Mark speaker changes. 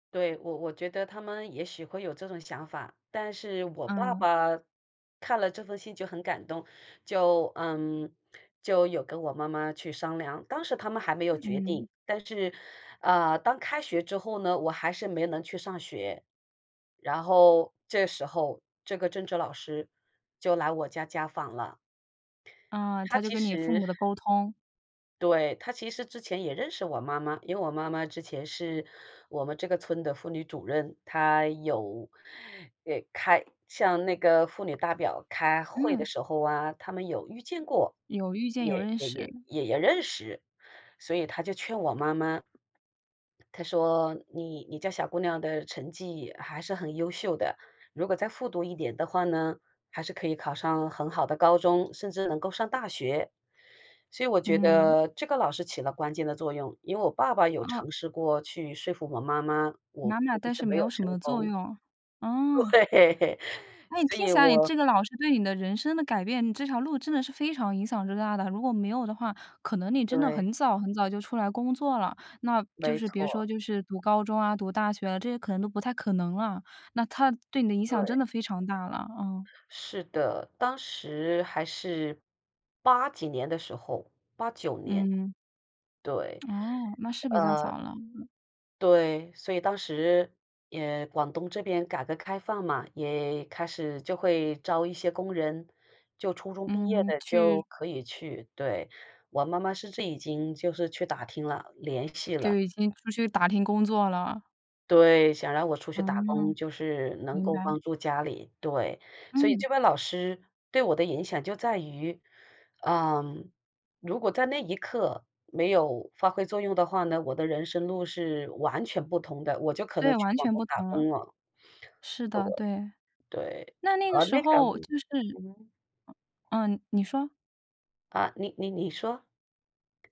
Speaker 1: 对，我我觉得他们也许会有这种想法，但是我爸
Speaker 2: 嗯。
Speaker 1: 爸看了这封信就很感动，就嗯，就有跟我妈妈去商量，当时他们还没有
Speaker 2: 呃，
Speaker 1: 决
Speaker 2: 嗯。
Speaker 1: 定，但是，呃，当开学之后呢，我还是没能去上学。然后这时候，这个政治老师就来我家家访了。
Speaker 2: 嗯，
Speaker 1: 她
Speaker 2: 她就
Speaker 1: 其
Speaker 2: 跟你父
Speaker 1: 实
Speaker 2: 母的沟通。
Speaker 1: 对，她其实之前也认识我妈妈，因为我妈妈之前是我们这个村的妇女主任，她有呃，开向那个妇女代表开会的
Speaker 2: 嗯。
Speaker 1: 时候啊，她们有遇见过，
Speaker 2: 有遇见，有
Speaker 1: 也
Speaker 2: 认
Speaker 1: 也也
Speaker 2: 识。
Speaker 1: 也也认识，所以她就劝我妈妈。她说：“你你家小姑娘的成绩还是很优秀的，如果再复读1年的话呢，还是可以考上很好的高中，甚至能够上大学。”所以我觉
Speaker 2: 嗯。
Speaker 1: 得这个老师起了关键的作用，因为我爸爸有
Speaker 2: 哦。
Speaker 1: 尝试过去说服我妈妈，我
Speaker 2: 妈妈，
Speaker 1: 估计
Speaker 2: 但
Speaker 1: 是
Speaker 2: 是没
Speaker 1: 没有
Speaker 2: 有什
Speaker 1: 成
Speaker 2: 么作
Speaker 1: 功。
Speaker 2: 用，哦。
Speaker 1: 对，
Speaker 2: 那你
Speaker 1: 所
Speaker 2: 听
Speaker 1: 以
Speaker 2: 起来你
Speaker 1: 我
Speaker 2: 这个老师对你的人生的改变你这条路真的是非常影响之大的。如果没有的话，可能你真的
Speaker 1: 对。
Speaker 2: 很早很早就出来工作了。那就
Speaker 1: 没
Speaker 2: 是别
Speaker 1: 错。
Speaker 2: 说就是读高中啊、读大学，这些可能都不太可能了，那她对你的影响真
Speaker 1: 对。
Speaker 2: 的非常大了，啊。
Speaker 1: 是的，当时还是8几年的时候，89年。
Speaker 2: 嗯。
Speaker 1: 对，
Speaker 2: 哦，那是比较
Speaker 1: 呃
Speaker 2: 早了，嗯。
Speaker 1: 对，所以当时，也广东这边改革开放嘛，也开始就会招一些工人，就初中毕业
Speaker 2: 嗯，
Speaker 1: 的就
Speaker 2: 去
Speaker 1: 可以去，对，我妈妈甚至已经就是去打听了，联系
Speaker 2: 对，
Speaker 1: 了。
Speaker 2: 就已经出去打听工作了。
Speaker 1: 对，想让我出去打工，
Speaker 2: 嗯，
Speaker 1: 就是能
Speaker 2: 明
Speaker 1: 够
Speaker 2: 白。
Speaker 1: 帮助家里，对。所以
Speaker 2: 嗯。
Speaker 1: 这位老师对我的影响就在于，嗯，如果在那一刻没有发挥作用的话呢，我的人生路是完全不同的，我就可能
Speaker 2: 对，
Speaker 1: 去
Speaker 2: 完
Speaker 1: 广
Speaker 2: 全
Speaker 1: 东
Speaker 2: 不
Speaker 1: 打
Speaker 2: 同了。
Speaker 1: 工了。
Speaker 2: 是的，对。
Speaker 1: 对，对。
Speaker 2: 那那个
Speaker 1: 呃，
Speaker 2: 时
Speaker 1: 那个
Speaker 2: 候就是
Speaker 1: 嗯哼。
Speaker 2: 嗯，你说。
Speaker 1: 啊，你你你说。